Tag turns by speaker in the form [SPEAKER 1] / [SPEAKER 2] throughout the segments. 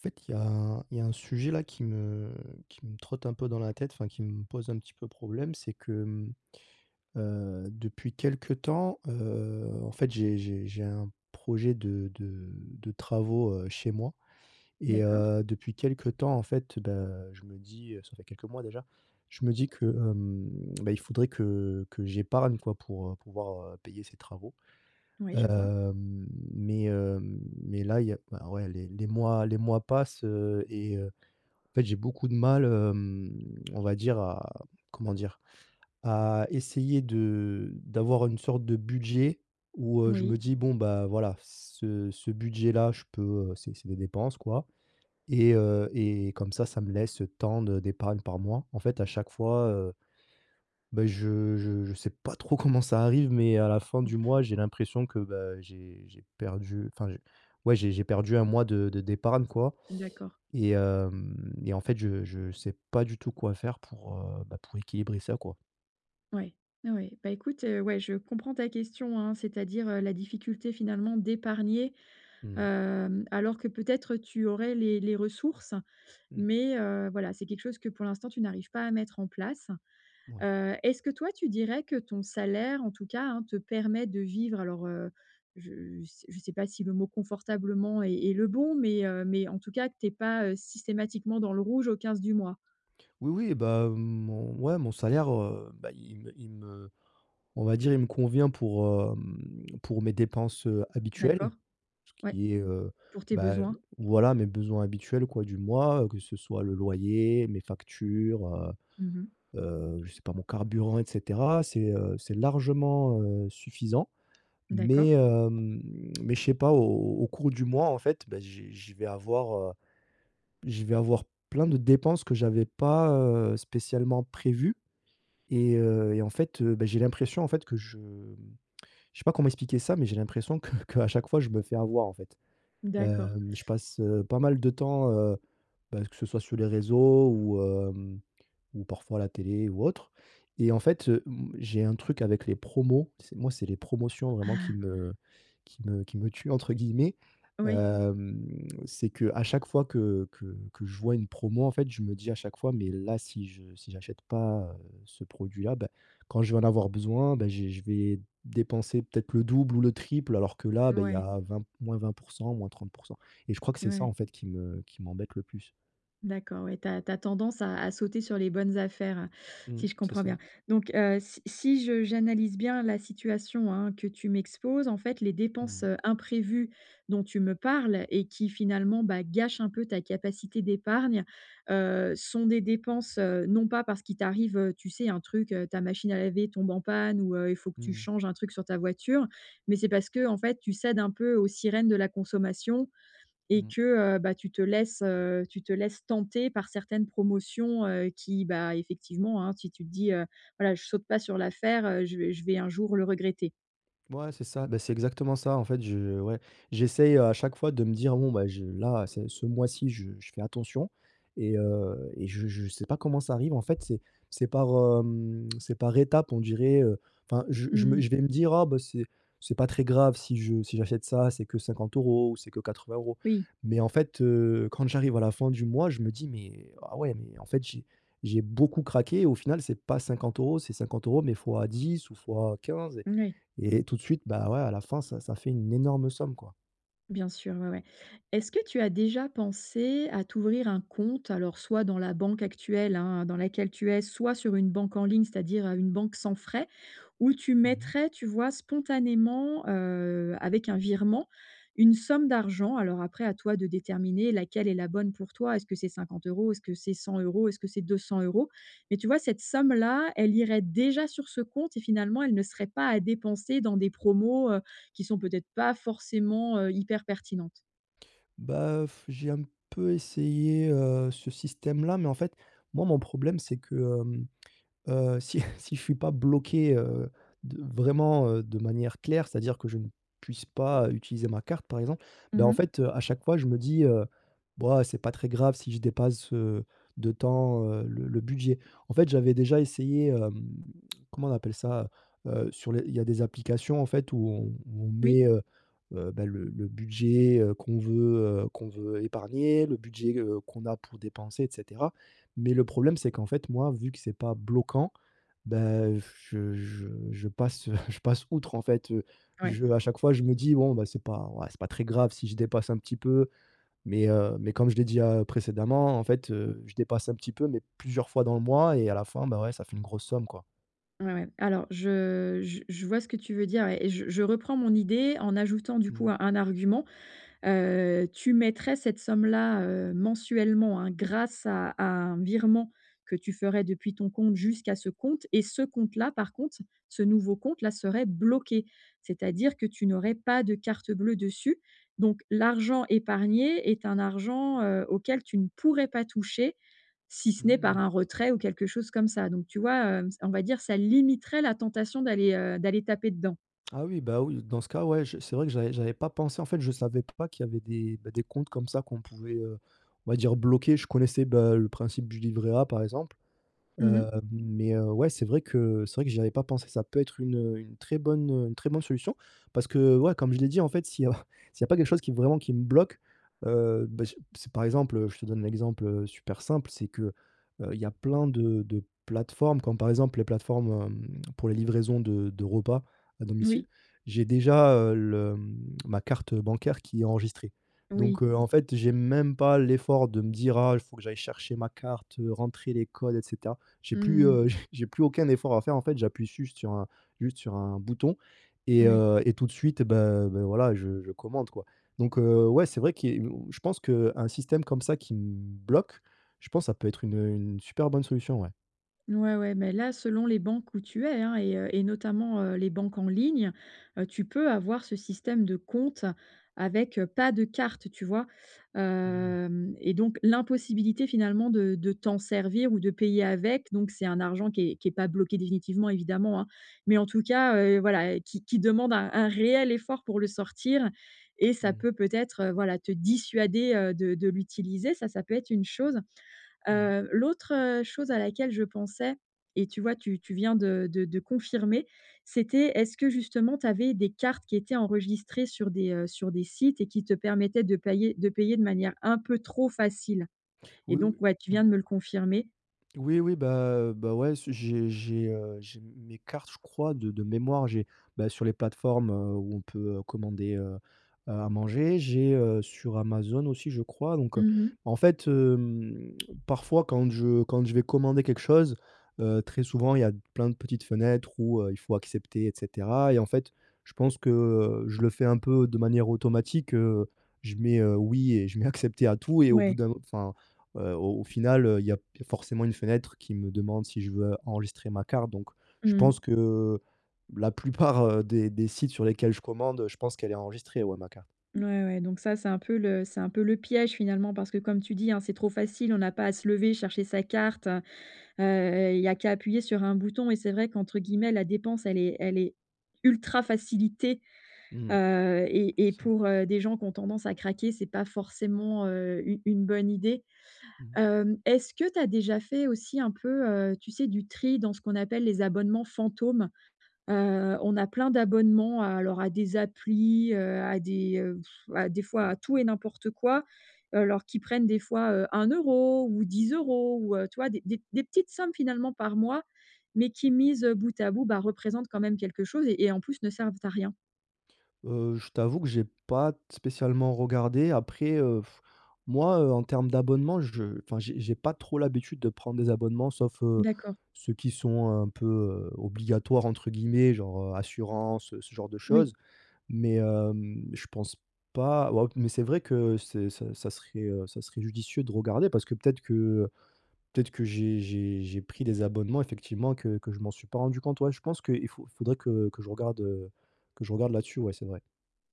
[SPEAKER 1] En fait, il y a un il y a un sujet là qui me qui me trotte un peu dans la tête, enfin qui me pose un petit peu problème. C'est que, mmh, heu, depuis quelque temps, heu, en fait, j'ai j'ai j'ai un projet de de de travaux, heu, chez moi et
[SPEAKER 2] D'accord.
[SPEAKER 1] heu, depuis quelque temps en fait, bah, je me dis, heu, ça fait quelques mois déjà, je me dis que, hem, bah, il faudrait que que j'épargne, quoi. Pour pouvoir payer ces travaux,
[SPEAKER 2] Ouais, je vois.
[SPEAKER 1] hem, mais hem, mais là il y a enfin ouais les les mois les mois passent, heu, et heu, en fait j'ai beaucoup de mal, hem, on va dire à, comment dire? À essayer de d'avoir une sorte de budget où, heu, je
[SPEAKER 2] Oui.
[SPEAKER 1] me dis: «Bon bah voilà ce ce budget là, je peux, heu, c'est c'est des dépenses quoi et heu, et comme ça, ça me laisse, heu, tant de d'épargne par mois». En fait à chaque fois, heu, bah, je je je sais pas trop comment ça arrive, mais à la fin du
[SPEAKER 2] Mmh.
[SPEAKER 1] mois, j'ai l'impression que bah j'ai j'ai perdu, enfin j'ai ouais j'ai perdu un mois de de d'épargne, quoi,
[SPEAKER 2] D'accord.
[SPEAKER 1] et hem et en fait, je je sais pas du tout quoi faire pour, heu, bah, pour équilibrer ça, quoi.
[SPEAKER 2] Ouais. Ouais, ouais. Bah écoute, heu, ouais, je comprends ta question, hein, c'est-à-dire, heu, la difficulté finalement d'épargner,
[SPEAKER 1] Mmh.
[SPEAKER 2] hem, alors que peut-être tu aurais les les ressources,
[SPEAKER 1] Mmh.
[SPEAKER 2] mais heu, voilà, c'est quelque chose que pour l'instant tu n'arrives pas à mettre en place.
[SPEAKER 1] Ouais.
[SPEAKER 2] Heu, est-ce que toi, tu dirais que ton salaire en tout cas, hein, te permet de vivre alors, heu, je sais je sais pas si le mot confortablement est est le bon mais heu, mais en tout cas que tu es pas, heu, systématiquement dans le rouge au 15 du mois?
[SPEAKER 1] Oui, oui bah, mon ouais mon salaire, heu, bah, il me il me, on va dire il me convient pour, hem, pour mes dépenses, heu, habituelles,
[SPEAKER 2] D'accord.
[SPEAKER 1] ce
[SPEAKER 2] Ouais.
[SPEAKER 1] qui est, heu,
[SPEAKER 2] Pour tes
[SPEAKER 1] bah,
[SPEAKER 2] besoins.
[SPEAKER 1] voilà mes besoins habituels quoi du mois, heu, que ce soit le loyer, mes factures, heu
[SPEAKER 2] Mmh mh.
[SPEAKER 1] heu, je sais pas mon carburant et cetera. C'est, heu, c'est largement, heu, suffisant mais
[SPEAKER 2] D'accord.
[SPEAKER 1] hem, mais je sais pas au au cours du mois, en fait, bah j'ai j'ai je vais avoir, heu, je vais avoir plein de dépenses que j'avais pas, heu, spécialement prévues et heu, et en fait, heu, bah, j'ai l'impression en fait que je, mmh, je sais pas comment expliquer ça mais j'ai l'impression que qu'à chaque fois je me fais avoir en fait.
[SPEAKER 2] D'accord.
[SPEAKER 1] Hem, je passe, heu, pas mal de temps, heu, bah, que ce soit sur les réseaux ou hem, ou parfois la télé ou autre et en fait, heu, mmh, j'ai un truc avec les promos, c'est moi c'est les promotions vraiment qui
[SPEAKER 2] Ah!
[SPEAKER 1] me qui me qui me «tuent» entre guillemets.
[SPEAKER 2] Oui.
[SPEAKER 1] Hem, c'est qu'à chaque fois que que que je vois une promo, en fait, je me dis à chaque fois: «Mais là si je si j'achète pas, heu, ce produit-là, bah, quand je vais en avoir besoin, bah, j'ai je vais dépenser peut-être le double ou le triple alors que là, bah, il y
[SPEAKER 2] Ouais.
[SPEAKER 1] a vingt -20%, - 30%» et je crois que c'est ça
[SPEAKER 2] Ouais.
[SPEAKER 1] en fait qui me qui m'embête le plus.
[SPEAKER 2] D'accord, ouais, tu as tu as tendance à à sauter sur les bonnes affaires, si
[SPEAKER 1] Mmh.
[SPEAKER 2] je
[SPEAKER 1] C'est
[SPEAKER 2] comprends bien
[SPEAKER 1] ça.
[SPEAKER 2] donc heu, si si je j'analyse bien la situation, hein, que tu m'exposes, en fait, les dépenses,
[SPEAKER 1] Mmh.
[SPEAKER 2] heu, imprévues dont tu me parles et qui finalement, bah, gâchent un peu ta capacité d'épargne, heu, sont des dépenses, heu, non pas parce qu'il t'arrive, heu, tu sais? Un truc heu, ta machine à laver tombe en panne, heu, ou il faut que tu
[SPEAKER 1] Mmh.
[SPEAKER 2] changes un truc sur ta voiture, mais c'est parce qu'en fait tu cèdes un peu aux sirènes de la consommation et
[SPEAKER 1] Mmh.
[SPEAKER 2] que, heu, bah, tu te laisses, heu, tu te laisses tenter par certaines promotions, heu, qui, bah, effectivement, hein, si tu te dis: «Heu, voilà je saute pas sur l'affaire, heu, je vais je vais un jour le regretter».
[SPEAKER 1] Ouais c'est ça, bah c'est exactement ça en fait. Je ouais j'essaye, heu, à chaque fois de me dire: «Bon bah, je là ce ce mois-ci je je fais attention et heu et je je sais pas comment ça arrive en fait. C'est c'est par, hem, c'est par étape on dirait, heu, enfin je
[SPEAKER 2] Mmh
[SPEAKER 1] je me
[SPEAKER 2] mh.
[SPEAKER 1] je vais me dire: «Oh bah c'est c'est pas très grave si je si j'achète ça. C'est que 50 € ou c'est que 80 €»
[SPEAKER 2] Oui.
[SPEAKER 1] mais en fait, heu, quand j'arrive à la fin du mois, je me dis: «Mais, ah ouais, heu, mais en fait j'ai j'ai beaucoup craqué» et au final c'est pas 50 € c'est 50€ mais fois 10 ou fois 15 et
[SPEAKER 2] Moui.
[SPEAKER 1] et tout de suite bah, ouais à la fin ça ça fait une énorme somme, quoi.
[SPEAKER 2] Bien sûr, ouais, ouais. Est-ce que tu as déjà pensé à t'ouvrir un compte, alors soit dans la banque actuelle hein, dans laquelle tu es. Soit sur une banque en ligne, c'est-à-dire, heu, une banque sans frais où tu
[SPEAKER 1] Mmh mh.
[SPEAKER 2] mettrais, tu vois? Spontanément, heu, avec un virement, une somme d'argent. Alors après, à toi de déterminer laquelle est la bonne pour toi. Est-ce que c'est 50 €, est-ce que c'est 100 €, est-ce que c'est 200 €. Mais tu vois? Cette somme-là, elle irait déjà sur ce compte et finalement elle ne serait pas à dépenser dans des promos, heu, qui sont peut-être pas forcément, heu, hyper pertinentes.
[SPEAKER 1] Bah heu f j'ai un peu essayé, heu, ce système-là. Mais, en fait, moi, mon problème c'est que, hem, heu, si si je suis pas bloqué, heu, de vraiment, heu, de manière claire c'est à dire que je ne puisse pas, heu, utiliser ma carte par exemple, bah,
[SPEAKER 2] Mmh
[SPEAKER 1] en
[SPEAKER 2] mh.
[SPEAKER 1] fait, à chaque fois je me dis, heu,: «B ouah c'est pas très grave si je dépasse, heu, de tant, heu, le le budget». En fait, j'avais déjà essayé, hem, comment on appelle ça? Heu, sur les il y a des applications en fait où on où on
[SPEAKER 2] Oui.
[SPEAKER 1] met, heu heu bah, le le budget, heu, qu'on veut, heu, qu'on veut épargner, le budget, heu, qu'on a pour dépenser et cetera. Mais le problème c'est qu'en fait moi vu que c'est pas bloquant, bah heu, je je je passe, heu, je passe outre en fait, heu.
[SPEAKER 2] Ouais.
[SPEAKER 1] Je à chaque fois, je me dis; «Bon, bah, c'est pas ouais c'est pas très grave si je dépasse un petit peu», mais, heu, mais comme je l'ai dit, heu, précédemment en fait, heu, je dépasse un petit peu mais plusieurs fois dans le mois et à la fin, bah, ouais ça fait une grosse somme quoi.
[SPEAKER 2] Ouais, ouais. Alors je je je vois ce que tu veux dire et je je reprends mon idée en ajoutant du coup
[SPEAKER 1] Mmh.
[SPEAKER 2] un un argument, heu, tu mettrais cette somme-là, heu, mensuellement hein grâce à à un virement que tu ferais depuis ton compte jusqu'à ce compte et ce compte-là par contre, ce nouveau compte-là serait bloqué. C'est-à-dire que tu n'aurais pas de carte bleue dessus donc l'argent épargné est un argent, heu, auquel tu ne pourrais pas toucher si ce
[SPEAKER 1] Mmh
[SPEAKER 2] n'est par
[SPEAKER 1] mh.
[SPEAKER 2] un retrait ou quelque chose comme ça. Donc tu vois, heu, on va dire ça limiterait la tentation d'aller heu, d'aller taper dedans.
[SPEAKER 1] Ah oui, bah, oui. Dans ce cas, ouais je c'est vrai que j'avais j'avais pas pensé. En fait je savais pas qu'il y avait des, bah, des comptes comme ça qu'on pouvait heu, on va dire «bloquer». Je connaissais bah le principe du livret A par exemple,
[SPEAKER 2] Mmh mh.
[SPEAKER 1] heu, mais heu, ouais, c'est vrai que c'est vrai que j'y avais pas pensé, ça peut être une, heu, une très bonne une très bonne solution. Parce que, ouais, comme je l'ai dit, en fait, s'il y a s'il 'y a pas quelque chose qui vraiment, qui me bloque, heu bah, c c'est par exemple, heu, je te donne l'exemple heu, super simple c'est que heu, il y a plein de de plateformes comme par exemple les plateformes, hem, pour les livraisons de de repas à
[SPEAKER 2] Oui.
[SPEAKER 1] domicile, j'ai déjà, heu, le, mmh, ma carte bancaire qui est enregistrée. Donc
[SPEAKER 2] Oui.
[SPEAKER 1] heu, en fait j'ai même pas l'effort de me dire: «Ah il faut que j'aille chercher ma carte, rentrer les codes et cetera». J'ai plus,
[SPEAKER 2] Mmh mh.
[SPEAKER 1] heu, j'ai plus aucun effort à faire, en fait, j'appuie juste sur un juste sur un bouton et
[SPEAKER 2] Ouais.
[SPEAKER 1] heu et tout de suite ben ben voilà je je commande quoi. Donc heu, ouais, c'est vrai qui est mmh je pense qu'un système comme ça qui me bloque, je pense ça peut être une, heu, une super bonne solution, ouais.
[SPEAKER 2] Ouais, ouais mais là selon les banques où tu es, hein et heu et notamment, heu, les banques en ligne, heu, tu peux avoir ce système de compte avec, heu, pas de carte, tu vois?
[SPEAKER 1] Mmh.
[SPEAKER 2] Hem et donc l'impossibilité finalement de de t'en servir ou de payer avec. Donc c'est un argent qui est qui est pas bloqué définitivement évidemment, hein. Mais en tout cas, heu, voilà qui qui demande un un réel effort pour le sortir et ça
[SPEAKER 1] Mmh.
[SPEAKER 2] peut, peut-être, heu, voilà te dissuader heu, de de l'utiliser ça ça peut être une chose,
[SPEAKER 1] Mmh.
[SPEAKER 2] heu, l'autre, heu, chose à laquelle je pensais et tu vois tu tu viens de de de confirmer, c'était est-ce que justement tu avais des cartes qui étaient enregistrées sur des, heu, sur des sites et qui te permettaient de pailler de payer de manière un peu trop facile? Et
[SPEAKER 1] Oui, oui.
[SPEAKER 2] donc, ouais tu viens
[SPEAKER 1] Mmh.
[SPEAKER 2] de me le confirmer.
[SPEAKER 1] Oui, oui bah, heu, bah, ouais, ce j'ai j'ai, heu, j'ai mes cartes, je crois de de mémoire. J'ai, bah, sur les plateformes, heu, où on peut commander, heu, heu, à manger, j'ai, heu, sur Amazon aussi je crois donc, heu,
[SPEAKER 2] Mmh mh.
[SPEAKER 1] en fait hem, parfois quand je quand je vais commander quelque chose, heu, très souvent il y a pleins de petites fenêtres où, heu, il faut accepter et cetera et en fait je pense que, heu, je le fais un peu de manière automatique, heu, je mets, heu, oui et je mets accepter à tout et au bout
[SPEAKER 2] Ouais.
[SPEAKER 1] d'un enfin, heu, au au final, heu, il y a il y a forcément une fenêtre qui me demande si je veux enregistrer ma carte donc, je
[SPEAKER 2] Mmh.
[SPEAKER 1] pense que la plupart des des sites sur lesquels je commande je pense qu'elle est enregistrée, ouais, ma carte.
[SPEAKER 2] Mouais, ouais donc ça c'est un peu le c'est un peu le piège finalement. Parce que comme tu dis, hein, c'est trop facile. On a pas à se lever chercher sa carte, heu heu, il y a qu'à appuyer sur un bouton et c'est vrai qu'entre guillemets la dépense elle est elle est «ultra facilitée»,
[SPEAKER 1] Mmh mh.
[SPEAKER 2] heu et
[SPEAKER 1] C'est
[SPEAKER 2] et
[SPEAKER 1] ça.
[SPEAKER 2] pour, heu, des gens qui ont tendance à craquer, c'est pas forcément, heu, une une bonne idée,
[SPEAKER 1] Mmh.
[SPEAKER 2] hem, est-ce que tu as déjà fait aussi un peu, heu, tu sais du tri dans ce qu'on appelle les «abonnements fantômes»? Heu on a plein d'abonnements, heu, alors à des applis, heu, à des, heu, pff, à des fois à tout et n'importe quoi. Alors qui prennent des fois, heu, 1 € ou 10 € ou heu, tu vois? Des des des petites sommes finalement par mois, mais qui mises bout à bout, bah, représentent quand même quelque chose et en plus ne servent à rien.
[SPEAKER 1] Heu, je t'avoue que j'ai pas t spécialement regardé après, heu, moi, heu, en termes d'abonnement je enfin j'ai j'ai pas trop l'habitude de prendre des abonnements sauf, heu,
[SPEAKER 2] D'accord.
[SPEAKER 1] ceux qui sont un peu, heu, «obligatoires» entre guillemets. Genre, heu, assurance, ce genre de
[SPEAKER 2] Oui.
[SPEAKER 1] choses. Mais hem, je pense pas, ouais mais c'est vrai que c'est ça ça serait, heu, ça serait judicieux de regarder parce que peut-être que, heu, peut-être que j'ai j'ai j'ai pris des abonnements effectivement que que je m'en suis pas rendu compte. Ouais, je pense qu'il faut il faudrait que que je regarde, heu, que je regarde là-dessus, ouais, c'est vrai.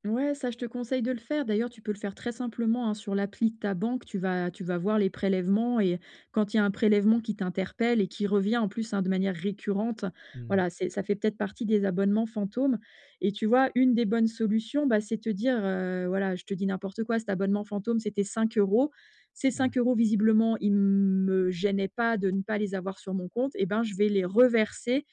[SPEAKER 2] Ouais ça je te conseille de le faire d'ailleurs tu peux le faire très simplement, hein. Sur l'appli de ta banque tu vas tu vas voir les prélèvements et quand il y a un prélèvement qui t'interpelle et qui revient en plus, hein, de manière récurrente,
[SPEAKER 1] Mmh.
[SPEAKER 2] voilà c'est ça fait peut-être partie des abonnements fantômes et tu vois, une des bonnes solutions, bah, c'est te dire, heu, voilà, je te dis n'importe quoi: «Cet abonnement fantôme c'était 5 €, ces
[SPEAKER 1] Ouais.
[SPEAKER 2] 5 € visiblement il me gênait pas de ne pas les avoir sur mon compte et ben je vais les reverser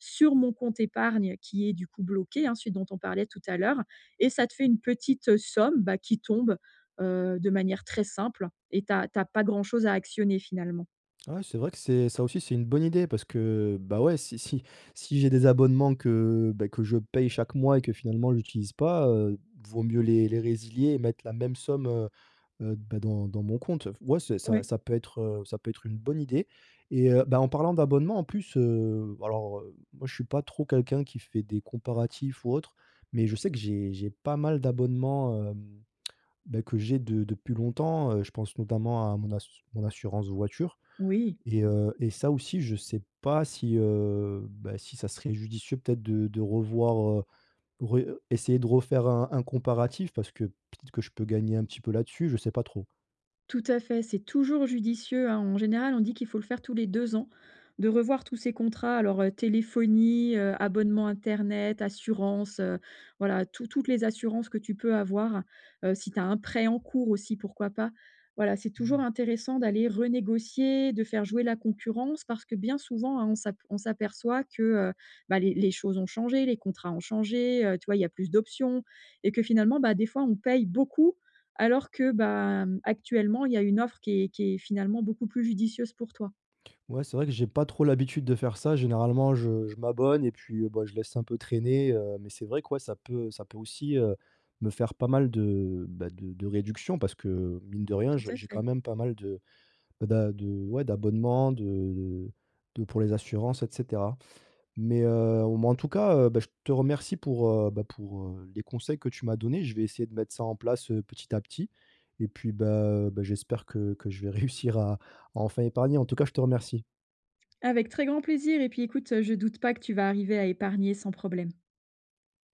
[SPEAKER 2] sur mon compte épargne qui est du coup bloqué», hein, celui dont on parlait tout à l'heure et ça te fait une petite somme bah qui tombe, heu, de manière très simple et tu as pas tu as pas grand chose à actionner finalement.
[SPEAKER 1] Ah ouais c'est vrai que c'est ça aussi c'est une bonne idée! Parce que bah, ouais si si si j'ai des abonnements que, beh, que je paye chaque mois et que finalement j'utilise pas, heu, vaut mieux les les résilier et mettre la même somme, heu heu, d bah dans dans mon compte, heu, f ouais c'est ça
[SPEAKER 2] Ouais.
[SPEAKER 1] ça peut être, heu, ça peut être une bonne idée, et heu, bah, en parlant d'abonnement en plus, heu, alors, heu, moi je suis pas trop quelqu'un qui fait des comparatifs ou autres, mais je sais que j'ai j'ai pas mal d'abonnements, hem, beh, que j'ai de depuis longtemps, heu, je pense notamment à mon ass mon assurance voiture,
[SPEAKER 2] Oui.
[SPEAKER 1] et heu, et ça aussi je sais pas si, heu, bah, si ça serait judicieux peut-être de de revoir, heu, ré heu, essayer de refaire un un comparatif. Parce que peut-être que je peux gagner un petit peu là-dessus, je sais pas trop.
[SPEAKER 2] Tout à fait, c'est toujours judicieux, hein. En général, on dit qu'il faut le faire tous les 2 ans de revoir tous ses contrats. Alors, heu, téléphonie, heu, abonnement internet, assurance, heu, voilà tout toutes les assurances que tu peux avoir, heu, si tu as un prêt en cours aussi, pourquoi pas. Voilà c'est toujours
[SPEAKER 1] Mmh.
[SPEAKER 2] intéressant d'aller renégocier, de faire jouer la concurrence, parce que bien souvent hein, on s'ap on s'aperçoit que, heu, bah, les les choses ont changé. Les contrats ont changé, heu, tu vois? Il y a plus d'options et que finalement bah, des fois on paye beaucoup, alors que bah, mmh, actuellement il y a une offre qui est qui est finalement beaucoup plus judicieuse pour toi.
[SPEAKER 1] Ouais c'est vrai que j'ai pas trop l'habitude de faire ça. Généralement je je m'abonne et puis, heu, bah, je laisse un peu traîner, heu, mais c'est vrai que ouais ça peut ça peut aussi, heu, me faire pas mal de, bah, de de réduction. Parce que, mine de rien
[SPEAKER 2] Tout
[SPEAKER 1] j'ai
[SPEAKER 2] à
[SPEAKER 1] j'ai quand
[SPEAKER 2] fait.
[SPEAKER 1] même pas mal de bah, d'a de ouais d'abonnement de de de pour les assurances et cetera, mais heu, ou m'en tout cas, heu, bah, je te remercie pour, heu, bah, pour, heu, les conseils que tu m'as donnés. Je vais essayer de mettre ça en place, heu, petit à petit, et puis bah, heu, bah j'espère que que je vais réussir à à enfin épargner. En tout cas, je te remercie.
[SPEAKER 2] Avec très grand plaisir et puis écoute, heu, je doute pas que tu vas arriver à épargner sans problème.